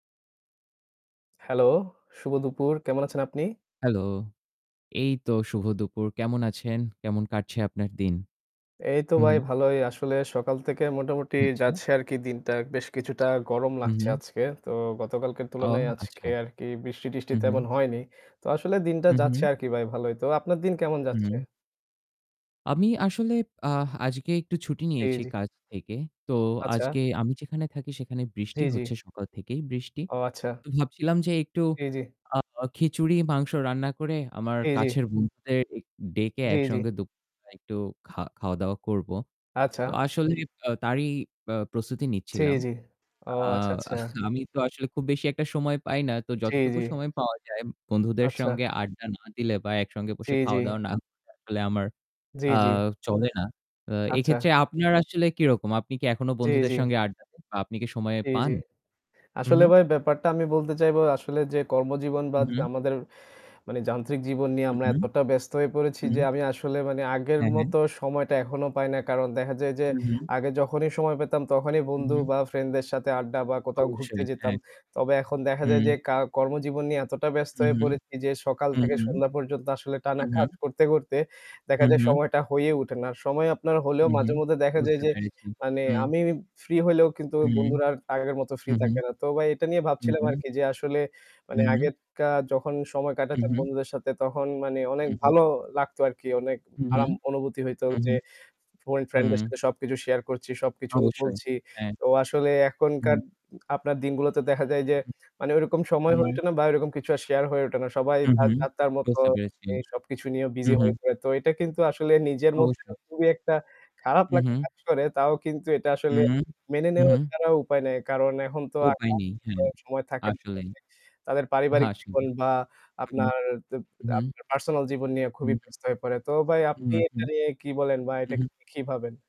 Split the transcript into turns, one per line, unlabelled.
Hello। শুভ দুপুর। কেমন আছেন আপনি?
Hello। এইতো শুভ দুপুর। কেমন আছেন? কেমন কাটছে আপনার দিন?
এই তো
হু, হু।
ভাই ভালোই। আসলে সকাল থেকে মোটামুটি
আচ্ছা।
যাচ্ছে আর কি দিনটা। বেশ কিছুটা গরম
হু,
লাগছে
হু।
আজকে। তো গতকালকের
অ
তুলনায়
আচ্ছা।
আজকে আরকি বৃষ্টি-টিষ্টি
হু, হু।
তেমন হয়নি। তো আসলে দিনটা
হু, হু।
যাচ্ছে আর কি ভাই ভালোই। তো আপনার দিন কেমন যাচ্ছে?
হুম। আমি আসলে আ আজকে একটু ছুটি
জি,
নিয়েছি
জি।
কাজ থেকে। তো
আচ্ছা।
আজকে আমি যেখানে থাকি সেখানে
জি,
বৃষ্টি
জি।
হচ্ছে, সকাল থেকেই বৃষ্টি।
ও আচ্ছা।
তো ভাবছিলাম যে একটু
জি, জি।
আ আ খিচুড়ি মাংস রান্না করে, আমার
জি, জি।
কাছের বন্ধুদের এ ডেকে
জি, জি।
একসঙ্গে দুপ [unintelligible] একটু খা খাওয়া-দাওয়া করব। তো
আচ্ছা।
আসলে আ তারই আ প্রস্তুতি
জি,
নিচ্ছিলাম।
জি। ও
আ
আচ্ছা, আচ্ছা।
আমি তো আসলে খুব বেশি একটা সময় পাই না। তো
জি,
যতটুকু
জি।
সময় পাওয়া যায়, বন্ধুদের
আচ্ছা।
সঙ্গে আড্ডা না দিলে বা একসঙ্গে
জি,
বসে
জি।
খাওয়া-দাওয়া না [unintelligible] আসলে আমার
জি,
আ
জি।
চলে না। আ
আচ্ছা।
এক্ষেত্রে আপনার আসলে কিরকম? আপনি কি এখনও
জি,
বন্ধুদের
জি।
সঙ্গে আড্ডা দেন বা আপনি কি সময়
জি, জি।
পান? হু,
আসলে
হু।
ভাই ব্যাপারটা আমি বলতে চাইবো, আসলে যে কর্মজীবন বা
হু,
জ
হু।
আমাদের মানে যান্ত্রিক জীবন নিয়ে
হুম,
আমরা
হুম।
এতটা ব্যস্ত হয়ে পড়েছি যে,
হুম।
আমি আসলে মানে আগের
হ্যাঁ, হ্যাঁ।
মতো সময়টা এখনো পাই না। কারণ দেখা যায় যে,
হু, হু।
আগে যখনই সময় পেতাম তখনই
হু,
বন্ধু
হু।
বা ফ্রেন্ডদের সাথে আড্ডা বা কোথাও ঘুরতে
অবশ্যই,
যেতাম।
হ্যাঁ।
তবে এখন দেখা যায়
হুম।
যে, কা কর্মজীবন নিয়ে এতটা ব্যস্ত
হুম,
হয়ে
হুম।
পড়েছি যে, সকাল
হুম,
থেকে
হুম।
সন্ধ্যা পর্যন্ত আসলে টানা
হুম,
কাজ
হুম।
করতে, করতে দেখা
হুম,
যায়
হুম।
সময়টা হয়ে উঠে না। সময় আপনার হলেও
হুম, হুম।
মাঝেমধ্যে দেখা যায়
বুঝতে
যে,
পেরেছি।
মানে
হুম।
আমি free হলেও কিন্তু
হুম।
বন্ধুরা আর আগের মতো free
হুম, হুম।
থাকে না। তো ভাই এটা নিয়ে
হুম,
ভাবছিলাম
হুম।
আর কি যে আসলে, মানে
হুম, হুম।
আগের কা যখন সময়
হুম,
কাটাতাম
হুম।
বন্ধুদের সাথে তখন মানে অনেক
হুম, হুম।
ভালো লাগত আর কি। অনেক
হুম, হুম।
আরাম অনুভূতি হইত
হুম,
যে
হুম।
ফোরে ফ্রেন্ডদের
হুম।
সাথে সবকিছু share করছি, সবকিছুই
অবশ্যই,
বলছি।
হ্যাঁ।
তো আসলে এখনকার
হুম।
উম আপনার দিনগুলোতে দেখা যায় যে,
হুম,
মানে ওইরকম সময়
হুম।
হয়ে
হুম।
ওঠে না বা ওইরকম কিছু আর share হয়ে ওঠে না। সবাই
হুম,
তার
হুম।
যার-তার মতো
বুঝতে পেরেছি।
এই সবকিছু নিয়ে
হুম,
busy হয়ে
হুম।
পড়ে। তো এইটা কিন্তু আসলে নিজের মধ্যেও
অবশ্যই।
খুবই একটা খারাপ
হুম,
লাগা
হুম।
কাজ করে। তাও কিন্তু এটা আসলে
হুম।
মেনে
হুম,
নেওয়া
হুম।
ছাড়া উপায় নাই। কারণ এখন তো আ
উপায়
[unintelligible]
নেই, হ্যাঁ।
সময় থাকে
আসলেই।
[unintelligible] তাদের পারিবারিক
আসলেই।
জীবন বা
হুম।
আপনার তো
হুম, হুম।
আপনার personal জীবন নিয়ে খুবই
হুম।
ব্যস্ত হয়ে পড়ে। তো ভাই আপনি
হুম, হুম।
এটা নিয়ে কি বলেন বা
হুম,
এটা
হুম।
কি ভাবেন?